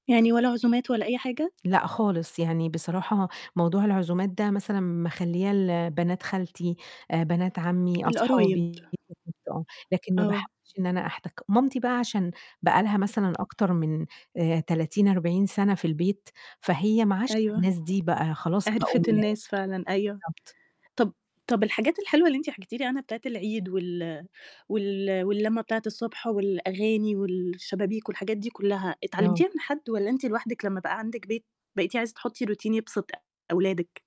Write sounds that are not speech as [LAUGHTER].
يعني ولا عزومات ولا أي حاجة؟ لأ خالص، يعني بصراحة موضوع العزومات ده مثلًا مخلياه لبنات خالتي، آآ بنات عمي، القرايب. أصحابي، [UNINTELLIGIBLE] بالضبط آه، لكن ما آه. باحبش إن أنا أحتك. مامتي بقى عشان بقى لها مثلًا أكتر من آآ 30، 40 سنة في البيت، فهي معاشرة أيوه، الناس دي بقى، خلاص بقوا من عرفت العيلة، الناس فعلًا أيوه. بالضبط. طب طب الحاجات الحلوة اللي أنتِ حكيتِ لي عنها بتاعة العيد وال وال واللمة بتاعة الصبح والأغاني والشبابيك والحاجات دي كلها، آه. اتعلمتيها من حد؟ والَّا أنتِ لوحدِك لما بقى عندِك بيت، بقيتِ عايزة تحطي routine يبسط أولادِك؟